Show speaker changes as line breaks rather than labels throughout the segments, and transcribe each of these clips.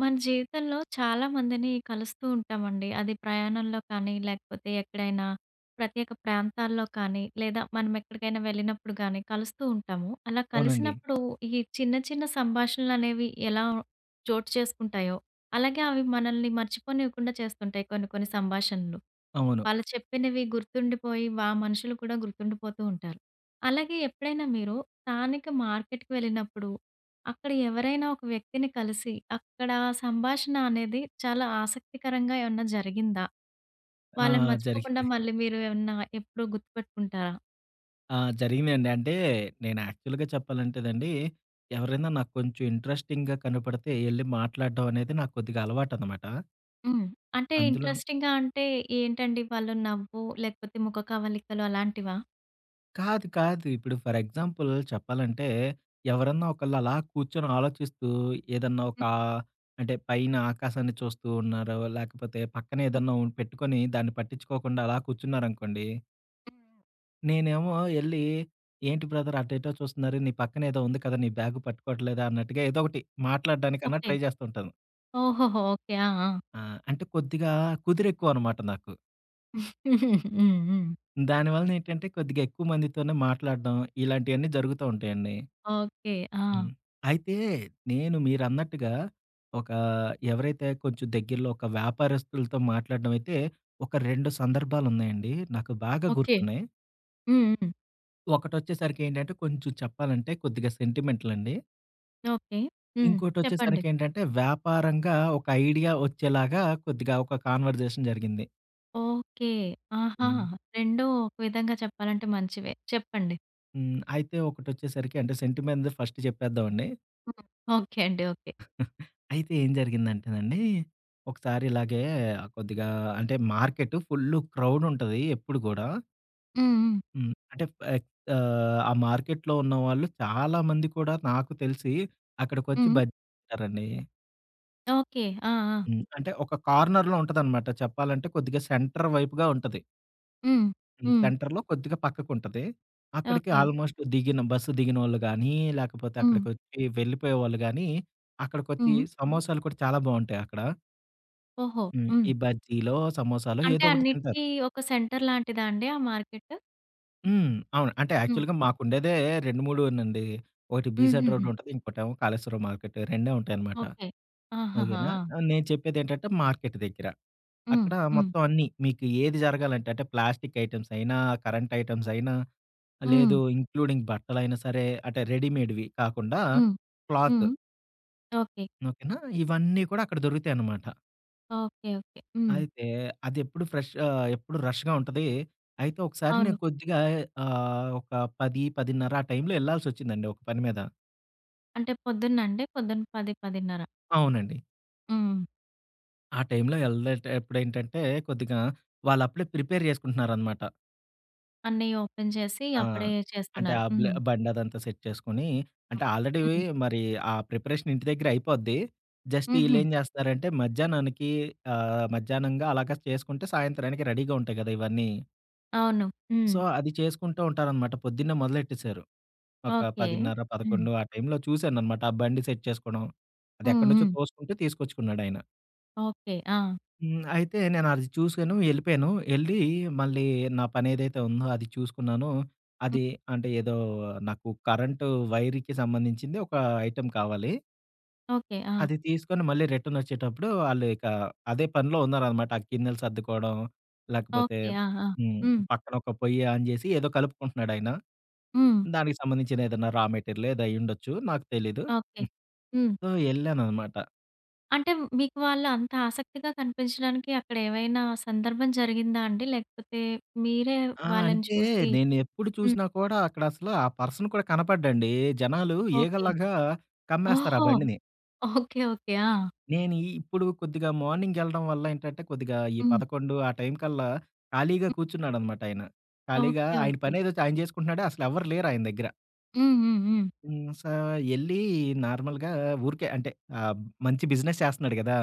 మన జీవితంలో చాలామందిని కలుస్తూ ఉంటామండి. అది ప్రయాణంలో కానీ, లేకపోతే ఎక్కడైనా ప్రత్యేక ప్రాంతాల్లో కానీ, లేదా మనం ఎక్కడికైనా వెళ్ళినప్పుడు గానీ కలుస్తూ ఉంటాము. అలా
అవునండి.
కలిసినప్పుడు ఈ చిన్న చిన్న సంభాషణలనేవి ఎలా చోటు చేసుకుంటాయో, అలాగే అవి మనల్ని మర్చిపోనివ్వకుండా చేస్తుంటాయి కొన్ని కొన్ని సంభాషణలు.
అవును.
వాళ్ళు చెప్పినవి గుర్తుండిపోయి వా మనుషులు కూడా గుర్తుండిపోతూ ఉంటారు. అలాగే ఎప్పుడైనా మీరు స్థానిక మార్కెట్‌కి వెళ్ళినప్పుడు. అక్కడ ఎవరైనా ఒక వ్యక్తిని కలిసి అక్కడ సంభాషణ అనేది చాలా ఆసక్తికరంగా ఏమన్నా జరిగిందా?
ఆ!
వాళ్ళని
జరిగింది.
మర్చిపోకుండా మళ్ళీ మీరు ఏమన్నా ఎప్పుడూ గుర్తుపెట్టుకుంటారా?
ఆ! జరిగినండి. అంటే నేను యాక్చువల్‌‌గా చెప్పాలంటేదండి. ఎవరైనా నాకు కొంచెం ఇంట్రెస్టిం‌గా కనపడితే ఎళ్లి మాట్లాడడం అనేది నాకు కొద్దిగా అలవాటన్నమాట.
హ్మ్. అంటే
అందులోను
ఇంట్రెస్టిం‌గా అంటే ఏంటండి వాళ్ళు నవ్వు లేకపోతే ముఖ కవలికలు అలాంటివా?
కాదు. కాదు. ఇప్పుడు ఫర్ ఎగ్జాంపుల్ చెప్పాలంటే ఎవరన్నా ఒకళ్ళు అలా కూర్చొని ఆలోచిస్తూ ఏదన్నా
హ్మ్.
ఒకా అంటే పైన ఆకాశాన్ని చూస్తూ ఉన్నారో లేకపోతే పక్కన
హ్మ్.
ఏదన్నా ఉంటె హ్మ్. పెట్టుకొని దాన్ని పట్టించుకోకుండా అలా కూర్చున్నారనుకోండి
హుహు.
నేనేమో ఎళ్ళి, ఏంటి బ్రదర్ అటెటో చూస్తున్నారు నీ పక్కన ఏదో ఉంది కదా! నీ బ్యాగ్ పట్టుకోవట్లేదా? అన్నట్టుగా, ఏదో ఒకటి మాట్లాడ్డానికన్నా
ఓకే.
ట్రై జేస్తుంటాను.
ఓహోహో! ఓకే. ఆ! ఆ!
ఆ! అంటే కొద్దిగా కుదిరెక్కువనమాట నాకు.
హ్మ్. హ్మ్.
దానివలన ఏంటంటే, కొద్దిగా ఎక్కువ మందితోనే మాట్లాడడం, ఇలాంటియన్ని జరుగుతుంటాయండి.
ఓకే. ఆ!
హ్మ్. అయితే నేను మీరన్నట్టుగా, ఒక ఎవరైతే కొంచెం దగ్గరలో, ఒక వ్యాపారస్తులతో మాట్లాడ్డమైతే, ఒక 2 సందర్భాలున్నాయండి. నాకు బాగా
ఓకే.
గుర్తున్నాయి.
హ్మ్. హ్మ్.
ఒకటొచ్చేసరికి ఏంటంటే, కొంచెం చెప్పాలంటే కొద్దిగా సెంటిమెంటలండి.
ఓకే. హ్మ్. చెప్పండి.
ఇంకోటొచ్చేసరికేంటంటే, వ్యాపారంగా ఒక ఐడియా వచ్చేలాగా, కొద్దిగా ఒక కాన్వర్సేషన్ జరిగింది.
ఓకే. ఆహా!
హ్మ్.
రెండు, ఒక విధంగా చెప్పాలంటే మంచివే చెప్పండి.
హ్మ్. అయితే ఒకటొచ్చేసరికి అంటే, సెంటిమెంట్‌దే ఫస్ట్ చెప్పేద్దామండి.
హ్మ్. ఓకే అండి. ఓకే.
అయితే ఏం జరిగిందంటేనండి. ఒకసారి ఇలాగే కొద్దిగా, అంటే మార్కెటు ఫుల్లు క్రౌడుంటది ఎప్పుడు గూడా.
హ్మ్. హ్మ్.
హ్మ్. అంటే ప ఎక్ ఆహ్, ఆ మార్కెట్‌లో ఉన్న వాళ్ళు చాలామంది కూడా నాకు తెలిసి అక్కడికొచ్చి
హ్మ్.
బజ్జీ‌లు తింటారండి.
ఓకె. ఆ! ఆ!
హ్మ్. అంటే ఒక కార్నర్‌లో ఉంటదనమాట. చెప్పాలంటే, కొద్దిగా సెంటర్ వైపుగా ఉంటది.
హ్మ్.
హ్మ్.
హ్మ్.
సెంటర్‌లో కొద్దిగా పక్కకు ఉంటది. అక్కడికి
ఓకే.
ఆల్‌మె‌స్ట్ దిగిన బస్సు దిగినోళ్ళుగానీ, లాకపోతే
హ్మ్.
అక్కడిక వచ్చి వెళ్ళిపోయేవాళ్ళు గానీ, అక్కడికొచ్చి
హ్మ్.
సమోసాలు కూడా చాలా బావుంటాయి అక్కడ.
ఓహో!
హ్మ్. ఈ
హ్మ్.
బజ్జీలో, సమోసాలో
అంటే,
ఏదో ఒకటి తింతారు.
అన్నిటికి ఒక సెంటర్ లాంటిదాండి ఆ మార్కెట్?
హ్మ్. అవును. అంటే
హ్మ్.
యాక్చువల్‌గా మాకు ఉండేదే 2 మూడేనండి. 1 'బీసెంట్ రోడ్‌'
హుహుహు.
ఉంటది. ఇంకోటేమో 'కాళేశ్వరం మార్కెట్' రెండే ఉంటాయనమాట.
ఓకె. ఆహాహ!
ఓకేనా?
ఆ!
నేను చెప్పేదేంటంటే మార్కెట్ దెగ్గర.
హ్మ్.
అక్కడ
హ్మ్.
మొత్తం అన్నీ మీకు ఏది జరగాలంటే అంటే ప్లాస్టిక్ ఐటమ్స్ అయినా కరెంట్ ఐటెమ్స్ అయినా. లేదు.
హ్మ్.
ఇంక్లూడింగ్ బట్టలైనా సరే అంటే రెడీమేడ్‌వి కాకుండా
హ్మ్.
క్లాత్.
హ్మ్. ఓకె.
ఓకేనా! ఇవన్నీ కూడా అక్కడ దొరుకుతాయన్నమాట.
ఓకె. ఓకె. హ్మ్.
అయితే, అదెప్పుడు ఫ్రెష్ ఆహ్, ఎప్పుడుూ రష్‌గా ఉంటది. అయితే, ఒకసారి
అవును.
నేను కొద్దిగా ఆహ్, ఒక 10, 10:30 ఆ టైంలో యెళ్ళాల్సొచ్చిందండి ఒక పని మీద.
అంటే పొద్దున్నండి? పొద్దున్న 10, 10:30.
అవునండి.
హ్మ్.
ఆ టైమ్‌లో వెళ్లదంటే ఎప్పుడేంటంటే, కొద్దిగా వాళ్లు అప్పుడే ప్రిపేర్ చేసుకుంటున్నారన్నమాట.
అన్నయ్య ఓపెన్ చేసి
ఆ!
అప్పుడే
అంటే
చేస్తున్నారు.
ఆ బ్లే
హ్మ్.
బండి అదంతా సెట్ చేసుకొని అంటే ఆల్రెడీ
హ్మ్.
మరి ఆ ప్రిపరేషన్ ఇంటి దగ్గరె అయిపోద్ది. జస్ట్
హుహు.
ఈల్లేం జేస్తారంటే, మధ్యాహ్నానికి ఆహ్, మధ్యాహ్నంగా అలాగా చేసుకుంటే సాయంత్రానికి రెడీగా ఉంటాయి గదా! ఇవన్నీ.
అవును.
సో,
హ్మ్.
అది చేసుకుంటూ ఉంటారన్నమాట పొద్దున్నే మొదలెట్టేశారు. ఒక
ఓకే.
పదిన్నర
హ్మ్.
పదకొండు ఆ టైమ్‌లో చూసాననమాట ఆ బండి సెట్ చేసుకోవడం. అది
హ్మ్.
ఎక్కడి నుంచో
హ్మ్.
తోసుకుంటూ తీసుకొచ్చుకున్నాడు ఆయన.
ఓకే. ఆ!
హ్మ్. అయితే నేను అది చూశాను ఎళ్ళిపోయాను. ఎళ్ళి మళ్ళీ నా పని ఏదైతే ఉందో అది చూసుకున్నాను. అది
హ్మ్.
అంటే ఏదో నాకు కరెంటు వైరుకి సంబంధించింది ఒక ఐటెమ్ కావాలి.
ఓకే. ఆ!
అది తీసుకొని మళ్ళీ రిటర్నొచ్చేటప్పుడు వాళ్ళు ఇక అదే పనిలో ఉన్నారనమాట. ఆ గిన్నెలు సర్దుకోవడం లేకపోతే
ఓకే. ఆహా!
హ్మ్.
హ్మ్.
పక్కన ఒక పొయ్య ఆన్ జేసి ఏదో కలుపుకుంటున్నాడు ఆయన.
హ్మ్.
దానికి సంబంధించిన ఏదన్నా రా మెటీరియల్ ఏదో అయ్యుండొచ్చు, నాకు తెలీదు.
ఓకే.
హ్మ్.
హ్మ్.
సో ఎళ్లాననమాట.
అంటే మీకు వాళ్ళు అంత ఆసక్తిగా కనిపించడానికి అక్కడ ఏవైనా సందర్భం జరిగిందా అండి. లేకపోతే మీరే
ఆ!
వాళ్ళని
అంటే,
చూసి
నేను ఎప్పుడు
హ్మ్.
చూసినా కూడా అక్కడ అసల ఆ పర్సన్ కూడా కనపడ్డండి. జనాలు
ఓకే.
ఈ‌గలాగా కమ్మేస్తారు ఆ
ఓహో!
బండిని.
ఓకే. ఓకే. ఆ!
నేను ఇ ఇప్పుడు కొద్దిగా మార్నింగ్ వెళ్ళడం వల్ల ఏంటంటే, కొద్దిగా ఈ
హ్మ్.
11 ఆ టైం కల్లా ఖాళీగా
హ్మ్.
కూర్చున్నాడనమాట ఆయన. ఖాళీగా
ఓకే.
ఆయన
ఓకే.
పని‌ ఏ‌దో ఆయన చేసుకుంటున్నాడు. అస‌లు ఎవ్వరు లేరు ఆయన దగ్గర.
హ్మ్. హ్మ్. హ్మ్.
హ్మ్. స ఎళ్ళీ నార్మల్‌గా ఊరికే అంటే ఆహ్, మంచి బిజినెస్ చేస్తన్నాడు గ‌దా!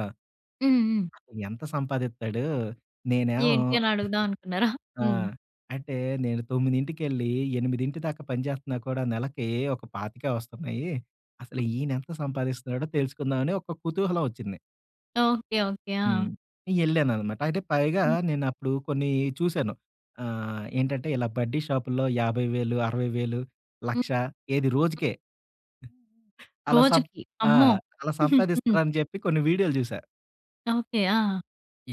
హ్మ్. హ్మ్.
ఎంత సంపాది‌త్తాడు నేనేమో
ఏంటి అని అడుగుదాం అనుకున్నారా?
ఆ!
హ్మ్.
అంటే, నేను తొ‌మ్మి‌దింటికెళ్ళి 8 దాకా పనిచేస్తన్నా కూడా నెల‌కి ఒక పాతికే వస్తున్నాయి. అసలు
హ్మ్.
ఈయన ఎంత సంపాదిస్తున్నాడో తెలుసుకుందాం అ‌ని ఒక కుతహలం వచ్చింది.
ఓకే. ఓకే.
హ్మ్.
ఆ!
ఎళ్ళాననమాట. అయితే పైగా
హ్మ్.
నేను అప్పుడు కొన్ని చూసాను. ఆహ్, ఏంటంటే ఇలా బడ్డీ షాపుల్లో ఏ‌బైవేలు అర‌వైవేలు
హ్మ్.
లక్ష
హ్మ్.
ఏది రోజుకే.
హ్మ్.
అలా సప్
రోజుకి.
ఆ!
అమ్మో!
అలా
హ్మ్.
సంపాదిస్తారని చెప్పి కొన్ని వీడియోలు చూసా.
ఓకే. ఆ!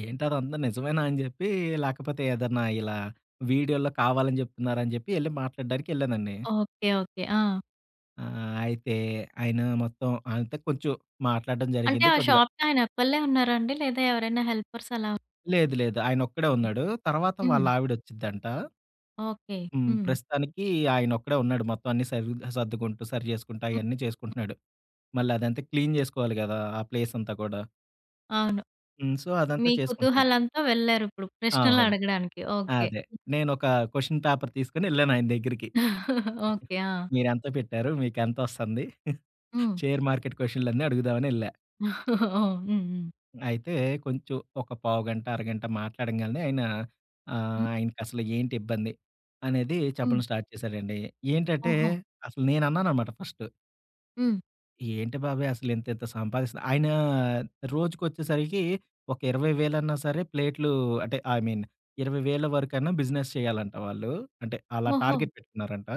ఏంటదంత నిజమేనా? అని చెప్పి, లేకపోతే ఏదన్నా ఇలా వీడియోలో కావాలని జేప్తున్నారా అని జేప్పి, ఎళ్లి మాట్లాడడానికేళ్ళానండి.
ఓకే. ఓకే. ఆ!
ఆ! అయితే, ఆయన మొత్తం ఆయనతో కొంచెం, మాట్లాడడం
అంటే
జరిగింది
ఆ
కొద్దిగా.
షాపుకి, ఆయన ఒకళ్ళే ఉన్నారాండి? లేదా ఎవరైనా హెల్పర్స్ అలాా?
లేదు. లేదు. ఆయన ఒక్కడే ఉన్నాడు. తర్వాత
హ్మ్.
వాళ్లావిడోచ్చిద్దంట.
ఓకే.
హ్మ్.
హ్మ్.
ప్రస్తుతానికి ఆయన ఒక్కడే ఉన్నాడు. మొత్తం అన్ని సర్వి సర్దుకుంటూ, సరి చేేసుకుంటూ,
హ్మ్.
అయన్ని చేసుకుంటున్నాడు. మళ్ళీ అదంతా క్లీన్ జేసుకోవాలి గదా! ఆ ప్లేసంతా కూడా.
అవును.
హ్మ్. సో, అదంతా
మీ
చేసుకుంటున్నాడు.
కుతహలంతో వెళ్లారిప్పుడు,
ఆ!
ప్రశ్నలు
అవును.
అడగడానికి.
ఆ!
ఓకే.
అదే. నేను ఒక క్వెషన్ పేపర్ తీసుకొని ఎల్లాను ఆయన దగ్గరికి.
ఓకే. ఆ!
మీరు ఎంత పెట్టారు? మీకెంతొస్తుంది?
హ్మ్.
షేర్ మార్కెట్ క్వెషన్‌లన్ని అడుగుదామనేళ్ళా.
ఓహ్! హ్మ్. హ్మ్.
అయితే కొంచెం ఒక పావుగంట, అరగంట మాట్లాడంగానే ఆయన, ఆహ్,
హ్మ్.
ఆయనకసలు ఏంటిబ్బంది? అనేది,
హ్మ్.
చెప్పడం స్టార్ట్ చేశాడండి. ఏంటంటే
ఓహో!
అసలు నేన్నానన్నమాట ఫస్టు.
హ్మ్.
ఏంటి బాబాయ్ అసలు, ఇంత ఇంత సంపాదిస్త ఆయన రోజుకొచ్చేసరికి ఒక ఇరవై వేలన్నా సరే ప్లేట్లు, అంటే ఐ మీన్ 20,000 వరకైనా, బిజినెస్ చేయాలంట వాళ్ళు. అంటే అలా
ఓహో!
టార్గెట్ పెట్టుకున్నారంటా.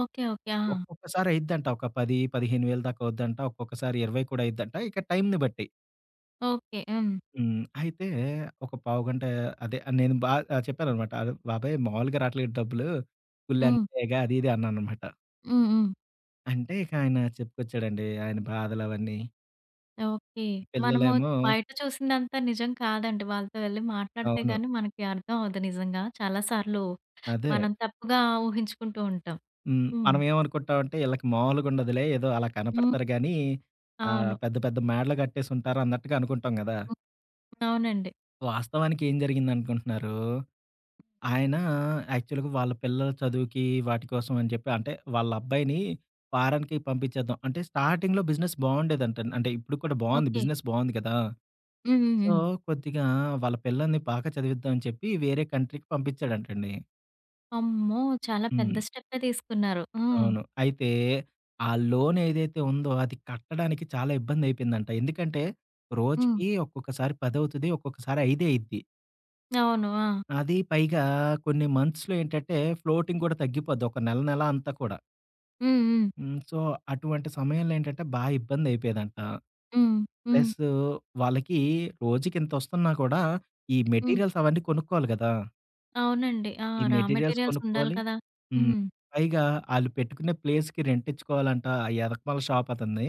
ఓకె. ఓకె. ఆ!
ఒక్కొక్కసారి అయిద్దంట. ఒక 10, 15 వేలదాకా అవుద్దంట. ఒక్కొక్కసారి 20 కూడా అయిద్దంట. ఇక టైంని బట్టి.
ఓకె. హ్మ్.
హ్మ్. అయితే ఒక పావుగంట అదే నేను బా ఆహ్, చెప్పాననమాట. అ! బాబాయ్ మామూలుగా రావట్లే డబ్బులు.
హ్మ్.
పుల్లెంతేగ, అది ఇది అన్నాననమాట.
హ్మ్. హ్మ్.
అంటే, ఇక ఆయన చెప్పొచ్చాడండి ఆయన బాధలవన్నీ.
ఓకె. మనము
పిల్లలేమో
బయట చూసిందంతా నిజం కాదండి. వాళ్ళతో వెళ్లి
అవును.
మాట్లాడితేగానీ మనకి అర్థమవదు నిజంగా. చాలా సార్లు
అదే.
మనం తప్పుగా ఊహించుకుంటూ ఉంటాం.
హ్మ్.
హ్మ్.
మనం ఏమనుకుంటామంటే, ఈళ్ళకి మామూలుగుండదులే. ఏదో అలా
హ్మ్.
కనపడతారుగానీ, ఆహ్,
అవును.
పెద్ద పెద్ద మేడలు గట్టేసుంటారు అన్నట్టుగా అనుకుంటాం గదా!
అవునండి.
వాస్తవానికి ఏం జరిగిందనుకుంటున్నన్నారు? ఆయన యాక్చువల్‌గా వాళ్ళ పిల్లల చదువుకి వాటి కోసం అని జెప్పి అంటే వాళ్ళబ్బాయిని ఫారన్‌కి పంపించేద్దాం. అంటే స్టార్టింగ్‌లో బిజినెస్ బావుండేదంటా. అంటే ఇప్పుడుకి కూడా బావుంది.
ఓకె.
బిజినెస్ బావుంది కదా!
హ్మ్. హ్మ్.
సో,
హ్మ్.
కొద్దిగా వాళ్ళ పిల్లల్ని బాగా చదివిద్దాం అని చెప్పి వేరే కంట్రీకి పంపించాడంటండి.
అమ్మో! చాలా పెద్ద
హ్మ్.
స్టెప్పే తీసుకున్నారు. ఆ!
అవును. అయితే ఆ లోన్ ఏదైతే ఉందో, అది కట్టడానికి చాలా ఇబ్బంది అయిపోయిందంట. ఎందుకంటే,
హ్మ్.
రోజుకి ఒక్కొక్కసారి పదవుతది. ఒక్కొక్కసారి ఐదే అయిద్ది.
అవును. ఆ!
అది పైగా కొన్ని మంత్స్‌లో ఏంటంటే ఫ్లోటింగ్ కూడా తగ్గిపోద్ది. ఒక నెల నెల అంతా కూడా.
హ్మ్. హ్మ్.
హ్మ్. సో, అటువంటి సమయంలో ఏంటంటే బా ఇబ్బంది అయిపోయేదంట.
హ్మ్. హ్మ్.
ప్లసు వాళ్ళకి రోజుకి ఇంత ఒస్తున్నా కూడా ఈ
హ్మ్.
మెటీరియల్స్ అవన్నీ కొనుక్కోలి గదా!
అవునండి. ఆ!
ఈ
రా
మెటీరియల్స్
మెటీరియల్స్ ఉండాలి
కొనుక్కోలి.
కదా!
హ్మ్.
హ్మ్.
పైగా ఆళ్ళు పెట్టుకునే ప్లేస్‌కి రెంట్ ఇచ్చుకోవాలంటా ఆ ఎనకమాల షాపు అతన్ని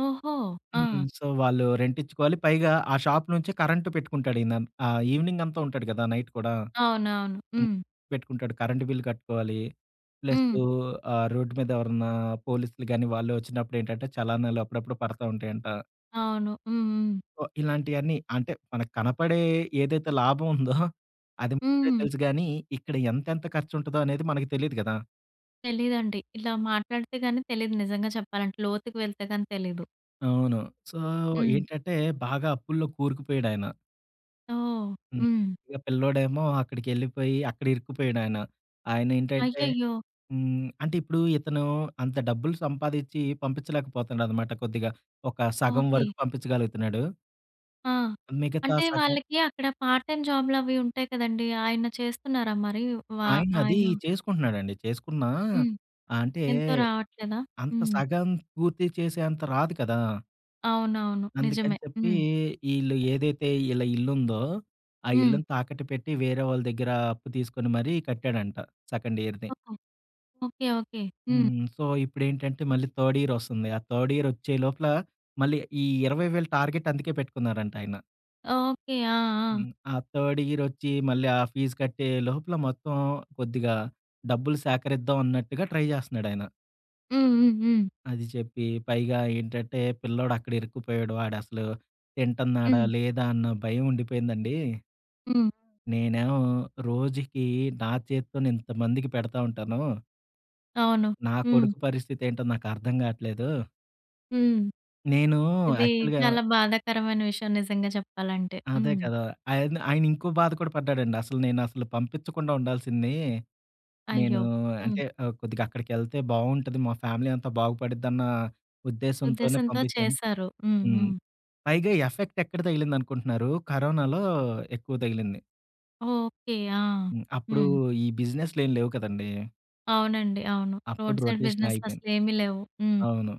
ఓహో!
హ్మ్.
ఆ!
సో, వాళ్ళు రెంటించుకోవాలి. పైగా ఆ షాపు నుంచే కరెంట్ పెట్టుకుంటాడు ఈయన. ఆహ్, ఈవినింగ్ అంతా ఉంటాడు కదా! నైట్ కూడా.
అవునవును.
హ్మ్
హ్మ్.
పెట్టుకుంటాడు. కరెంట్ బిల్ కట్టుకోవాలి. ప్లసు
హ్మ్.
ఆ రోడ్డు మీద ఎవరన్నా పోలీసులు గాని, వాళ్ళు ఒచ్చినప్పుడు ఏంటంటే చలానాలు అప్పుడప్పుడు పడతా ఉంటాయంట.
అవును. హ్మ్. హ్మ్.
సో, ఇలాంటియన్నీ అంటే మనకు కనపడే ఏదైతే లాభముందో అది ముందే
హ్మ్.
తెలుసు గానీ, ఇక్కడ ఎంతేంత ఖర్చుంటదో అనేది మనకు తెలీదు గదా!
తెలీదండి. ఇలా మాట్లాడితే గాని తెలీదు నిజంగా చెప్పాలంటే. లోతుకి వెళ్తే గాని తెలీదు.
అవును. సో,
హ్మ్.
ఏంటంటే బాగా అప్పు‌‌ల్లో కోరుకుపోయాడాయన.
ఓహ్!
హ్మ్.
హ్మ్.
ఇక పిల్లోడేమో అక్కడికెళ్ళిపోయి అక్కడ ఇరుక్కుపోయడాయన. ఆయన ఏంటంటే
అయ్యయ్యో!
హ్మ్. అంటే ఇప్పుడు ఇతను అంత డబ్బులు సంపాదించి పంపించలేకపోతున్నాడనమాట కొద్దిగా. ఒక సగం
ఓకే.
వరకు పంపించగలుగుతున్నాడు
ఆ!
మిగతా
అంటే
సగం
వాళ్ళకి అక్కడ పార్ట్ టైమ్ జాబ్‌లవి ఉంటాయి కదండీ! ఆయన చేస్తున్నారా మరి వా
ఆయనది
ఆయన?
చేసుకుంటున్నాడండి. చేసుకున్నా
హ్మ్.
ఆహ్, అంటే
ఎంతో రావట్లేదా?
అంత
హ్మ్.
సగం పూర్తి చేసేంత రాదు కదా!
అవునవును.
అందుకని
నిజమే.
జెప్పి
హ్మ్.
ఈళ్ళు ఏదైతే ఈళ్ళ ఇళ్లుందో, ఆ
హ్మ్.
ఇళ్ళుని తాకట్టు పెట్టి వేరే వాళ్ళ దగ్గర అప్పు తీసుకొని మరీ కట్టాడంట సెకండ్ ఇయర్‌ది.
ఓహ్! ఓకె. ఓకె. హ్మ్.
హ్మ్. సో, ఇప్పుడేంటంటే, మళ్ళీ థర్డ్ ఇయర్ ఒస్తుంది. ఆ థర్డ్ ఇయర్ ఒచ్చే లోపల, మళ్ళీ ఈ 20,000 టార్గెట్ అందుకే పెట్టుకున్నారంటాయన.
ఓకె. ఆ! ఆ!
హ్మ్. ఆ థర్డ్ ఇయర్ ఒచ్చి, మళ్ళీ ఆ ఫీజ్ కట్టే లోపల, మొత్తం కొద్దిగా డబ్బులు సేకరిద్దాం అన్నట్టుగా ట్రై జేస్తున్నాడాయన.
హ్మ్. హ్మ్. హ్మ్.
అది జెప్పి పైగా ఏంటంటే, పిల్లోడు అక్కడ ఇరుక్కుపోయాడు. వాాడసలు తింటున్నాడా?
హ్మ్.
లేదా? అన్న భయం ఉండిపోయిందండి.
హ్మ్.
నేనేమో రోజుకి నా చేతితోనే ఇంతమందికి పెడతా ఉంటాను.
అవును.
నా
హ్మ్.
కొడుకు పరిస్థతి ఏంటో నాకు అర్థం కావట్లేదు.
హ్మ్.
నేను
ఇది
యాక్చువల్‌గా
చాలా బాధాకరమైన విషయం నిజంగా చెప్పాలంటే.
అదే
హ్మ్.
కదా! ఆయన, ఆయనింకో బాధ కూడా పడ్డాడండి. అసలు నేనసలు పంపించకుండా ఉండాల్సింది. నేను
అయ్యో!
అంటే,
హ్మ్.
ఆహ్, కొద్దిగా అక్కడికెళ్తే బావుంటది. మా ఫ్యామిలీ అంతా బాగుపడిద్దన్నా ఉద్దేశంతోనే
ఉద్దేశంతో
పంపిచ్చాను.
చేశారు. హ్మ్.
హ్మ్.
హ్మ్.
పైగా ఎఫెక్ట్ ఎక్కడ తగిలిందనుకుంటున్నారు? కరోనాలో ఎక్కువ తగిలింది.
ఓకే. ఆ!
హ్మ్. అప్పుడు
హ్మ్.
ఈ బిజినె‌స్‌‌‌‌ లేం లేవు కదండీ!
అవునండి. అవును.
అప్పుడు
రోడ్డు సైడు
రొటేషన్
బిజినెసులు
అ‌గి‌పోయింది.
అసలు ఏమీ లేవు. హ్మ్.
అవును.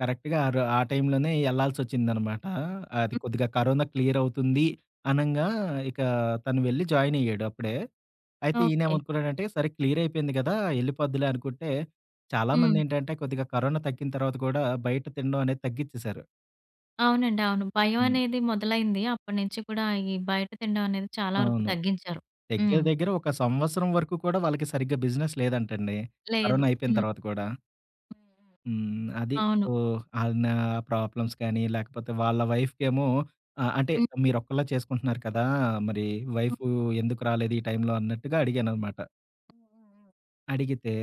కరెక్ట్‌గా ఆరు ఆ టైంలోనే ఎళ్ళాల్సొచ్చిందనమాట. అది
హ్మ్.
కొద్దిగా కరోనా క్లియర్ అవుతుంది, అనంగా ఇక తను వెళ్లి జాయిన్ అయ్యాడు అప్పుడే. అయితే
ఓకే.
ఈయనేమనుకున్నానంటే, సరే క్లియర్ అయిపోయింది గదా! ఎళ్ళిపోద్దులే అనుకుంటే,
హ్మ్.
చాలామందేంటంటే కొద్దిగా కరోనా తగ్గిన తర్వాత గూడా బయట తినడం అనేది తగ్గిచ్చేేశారు.
అవునండి. అవును. భయం
హ్మ్.
అనేది మొదలైంది. అప్పటి నుంచి కూడా ఈ బయట తినడం అనేది చాలా వరకు
అవును.
తగ్గించారు.
దగ్గర
హ్మ్.
దగ్గర ఒక సంవత్సరం వరకు కూడా వాళ్ళకి సరిగ్గా బిజినెస్ లేదంటండి.
లేదు.
కరోనా అయిపోయిన
హ్మ్.
తర్వాత కూడా.
హ్మ్.
హ్మ్. అది.
హ్మ్. అవును.
ఓహ్! అయన ప్రాబ్లమ్స్ కానీ, లేకపోతే వాళ్ళ వైఫ్‌కెమో ఆహ్, అంటే
హ్మ్.
మీరొక్క‌లే చేసుకుంటున్నారు కదా! మరి
హ్మ్.
వైఫు ఎందుకు రాలేదు ఈ టైంలో అన్నట్టుగా అడిగాననమాట.
హుహుహు.
అడిగితే,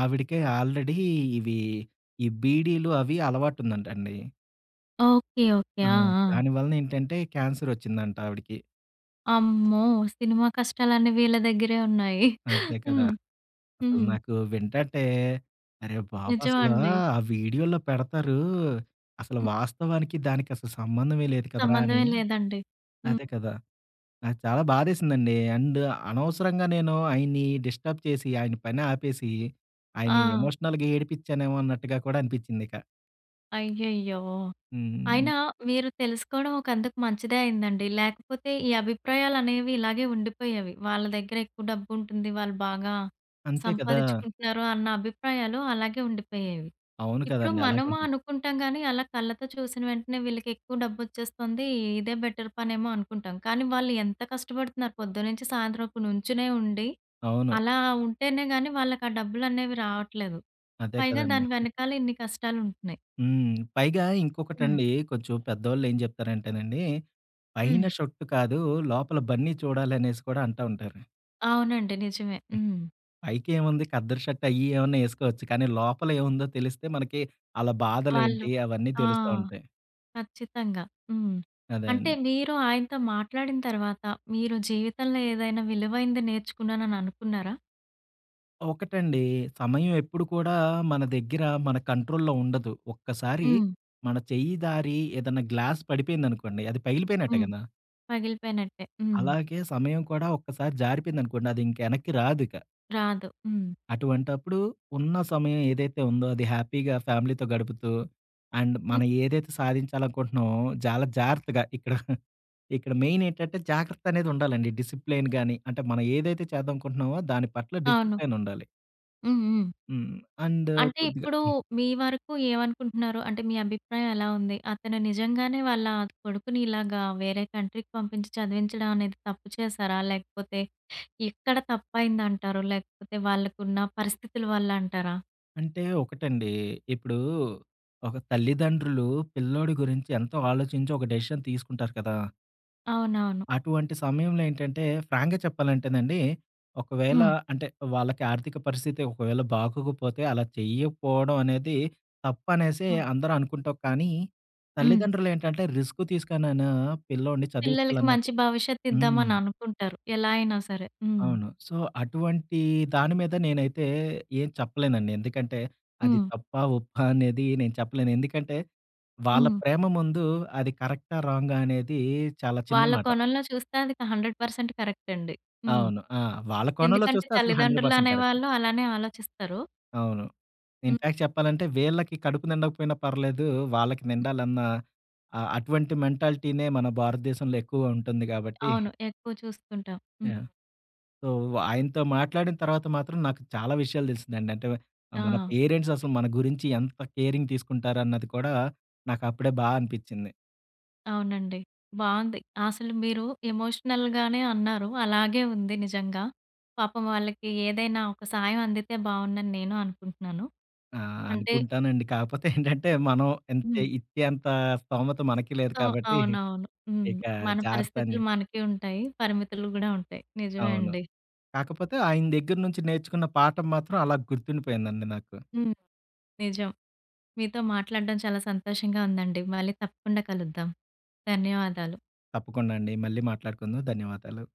ఆవిడకే ఆల్రెడీ ఇవి ఈ బీడీలు అవి అలవాటు ఉందంట అండి.
ఓకే. ఓకే.
ఆ!
ఆ! ఆ!
దాని వలన ఏంటంటే, క్యాన్సరు వచ్చిందంట ఆవిడికి.
అమ్మో! సినిమా కష్టాలన్నీ వీళ్ళ దగ్గరే ఉన్నాయి.
అంతే కదా!
హ్మ్.
అసలు
హ్మ్.
నాకు వింటంటే, అరే! బాబు అసలా
నిజమండి.
ఆ వీడియోల్లో పెడతారు. అసలు
హ్మ్.
వాస్తవానికి దానికి అసలు సంబంధమే లేదు కదరాా అని.
సంబంధమేం లేదండి. హ్మ్.
అదే కదా! ఆ చాలా బాధేసిందండి. అండ్ అనవసరంగా నేను ఆయన్ని డిస్టర్బ్ చేసి, ఆయన ప‌ని ఆపేసి, ఆయన్ని
ఆ!
ఎమోషనల్‌గా ఏడిపచ్చానేమో అన్నట్టుగా కూడా అనిపించిందిక.
అయ్యయ్యో!
హ్మ్. హ్మ్.
అయినా మీరు తెలుసుకోవడం ఒకందుకు మంచిదే అయిందండి. లేకపోతే ఈ అభిప్రాయాలనేవి ఇలాగే ఉండిపోయేవి. వాళ్ళ దగ్గరెక్కువ డబ్బుంటుంది, వాళ్ళు బాగా
అంతే కదా!
సంపాదిచ్చుకుంటున్నారు, అన్న అభిప్రాయాలు అలాగే ఉండిపోయేవి.
అవును.
ఇప్పుడు
కదండీ!
మనము
అలాగుంటుంది.
అనుకుంటాం‌ గానీ, అలా కళ్ళతో చూసిన వెంటనే వీళ్ళకెక్కువ డబ్బొచ్చేస్తుంది. ఇదే బెటర్ పనేమో అనుకుంటాం. కానీ, వాళ్ళు ఎంత కష్టపడుతున్నారు. పొద్దున్నుంచి, సాయంత్రం వరకు నుంచునే ఉండి
అవును.
అలా ఉంటేనే‌ గాని, వాళ్ళకి ఆ డబ్బులనేవి రావట్లేదు.
అదే
పైగా
కదండీ.
దాని వెనకాల ఇన్ని కష్టాలుంటున్నాయి.
హ్మ్. పైగా
హ్మ్.
ఇంకొకటండి కొంచెం పెద్దోళ్ళు ఏం జెప్తారంటేనండి, పైన
హ్మ్.
షర్టు‌ కాదు లోపల బన్నీ చూడాలి అనేసి కూడా అంటా ఉంటారు.
అవునండి. నిజమే. హ్మ్.
పైకేముంది కద్దరు‌ షర్టు అయ్యి ఏవన్నా ఏసుకోవచ్చు. కానీ లోపల ఏవుందో తెలిస్తే మనకి ఆళ్ళ
వాళ్ళు
బాధలేంటి అవన్నీ
ఆ!
తెలుస్తా ఉంటాయి.
ఖచ్చితంగా. హ్మ్.
అదే
అంటే
అండి.
మీరు ఆయనతో మాట్లాడిన తర్వాత మీరు జీవితంలో ఏదైనా విలువైంది నేర్చుకున్నానని అనుకున్నారా?
ఒకటండి. సమయం ఎప్పుడు కూడా మన దగ్గర, మన కంట్రోల్‌లో ఉండదు. ఒక్కసారి
హ్మ్.
మన చెయ్యి జారి ఏదన్నా గ్లాసు పడిపోయిందనుకోండి, అది పగిలిపోయినట్టే
హ్మ్.
గదా!
పగిలిపోయినట్టే. హ్మ్.
అలాగే సమయం కూడా ఒక్కసారి జారిపోయిందనుకోండి, అదింక ఎనక్కి‌ రాదిక.
రాదు. హ్మ్.
అటువంటప్పుడు ఉన్న సమయం ఏదైతే ఉందో అది హ్యాపీగా ఫ్యామిలీతో గడుపుతూ అండ్
హ్మ్.
మనం ఏదైతే సాధించాలనుకుంటున్నామో, చాలా జాగ్రత్తగా ఇక్కడ ఇక్కడ మెయినేంటంటే, జాగ్రత్త అనేది ఉండాలండి. డిసిప్లెయిన్‌ గాని, అంటే మనం ఏదైతే చేద్దనుకుంటున్నామో, దాని‌పట్ల
అవును.
డిసిప్లెయినుండాలి.
హ్మ్. హ్మ్.
హ్మ్. అండ్
అంటే
కొద్దిగా
ఇప్పుడు
హ్మ్.
మీ వరకు ఏమనుకుంటున్నారు? అంటే మీ అభిప్రాయం ఎలా ఉంది? అతను నిజంగానే వాళ్ళ కొడుకుని ఇలాగా వేరే కంట్రీకి పంపించి చదివించడం అనేది తప్పు చేశారా? లేకపోతే ఎక్కడ తప్పయిందంటారు? లేకపోతే వాళ్ళకున్న పరిస్థితుల వల్ల అంటారా?
అంటే ఒకటండి. ఇప్పుడు ఒక తల్లిదండ్రులు పిల్లోడి గురించి ఎంతో ఆలోచించి ఒక డెసిషన్ తీసుకుంటారు కదా!
అవునవును.
అటువంటి సమయంలో ఏంటంటే ఫ్రాంక్‌గా చెప్పాలంటేనండి. ఒకవేళ
హ్మ్.
అంటే వాళ్ళకి ఆర్థిక పరిస్థితి ఒకవేళ బాగొకపోతే అలా చేయకపోవడం అనేది తప్పనేసే
హ్మ్.
అందరూ అనుకుంటావు కానీ.
హ్మ్.
తల్లిదండ్రులేంటంటే రిస్క్ తీసుకనైనా పిల్లోడిని
పిల్లలకి
చదివించాలన్న
మంచి భవిష్యత్తి
హ్మ్.
ఇద్దామని అనుకుంటారు. ఎలాయినా సరే. హ్మ్.
అవును. సో అటువంటి దాని మీద నేనైతే ఏం చెప్పలేనండి. ఎందుకంటే అది
హ్మ్.
తప్పా ఒప్పా అనేది నేను చెప్పలేను. ఎందుకంటే వాళ్ళ
హ్మ్.
ప్రేమ ముందు అది కరెక్టా రాంగా అనేది చాలా చిన్న
వాళ్ళ
మాట.
కోణంలో చూస్తే అదిక 100% కరెక్ట్ అండి. హ్మ్.
అవును. ఆ! వాళ్ళ కోణంలో
ఎందుకంటే
చూస్తే అసలు హండ్రెడ్
తల్లిదండ్రులు
పర్సెంట్ కరెక్ట్.
అనేవాాళ్ళు అలానే ఆలోచిస్తరు.
అవును.
హ్మ్.
ఇన్‌ఫాక్ట్ చెప్పాలంటే వీళ్ళకి కడుపు నిండకపోయినా పర్లేదు వాళ్ళకి నిండాలన్నా ఆహ్, అటువంటి మెంటాలిటీనే మన భారతదేశంలో ఎక్కువ ఉంటుంది గాబట్టి.
అవును. ఎక్కువ చూస్తుంటాం. హ్మ్.
యాహ్! సో ఆయనతో మాట్లాడిన తర్వాత మాత్రం నాకు చాలా విషయాలు తెలిసిందండి. అంటే వ మన
ఆ!
పేరెంట్స్ అసలు మన గురించి ఎంత కేరింగ్ తీసుకుంటారన్నది కూడా నాకు అప్పుడే బా అనిపించింది.
అవునండి. బావుంది. అసలు మీరు ఎమోషనల్‌గానే అన్నారు. అలాగే ఉంది నిజంగా. పాపం వాళ్ళకి ఏదైనా ఒక సహాయం అందితే బావుండని నేను అనుకుంటున్నాను.
ఆ!
అంటే
అనుకుంటానండి. కాకపోతే ఏంటంటే మనం ఇంతే
హ్మ్.
ఇచ్చేంత స్థోమత మనకి లేదు
సో
కాబట్టి
అవునవును. హ్మ్.
ఇక
మన పరిస్థితులు
జాగ్రత్తానే
మనకి ఉంటాయి. పరిమితులు గూడా ఉంటాయి. నిజమే
అవును.
అండి.
కాకపోతే ఆయన దగ్గర నుంచి నేర్చుకున్న పాఠం మాత్రం అలా గుర్తుండిపోయిందండి నాకు.
హ్మ్. నిజం. మీతో మాట్లాడడం చాలా సంతోషంగా ఉందండి. మళ్ళీ తప్పకుండా కలుద్దాం. ధన్యవాదాలు.
తప్పకుండా అండి. మళ్ళీ మాట్లాడుకుందాం. ధన్యవాదాలు.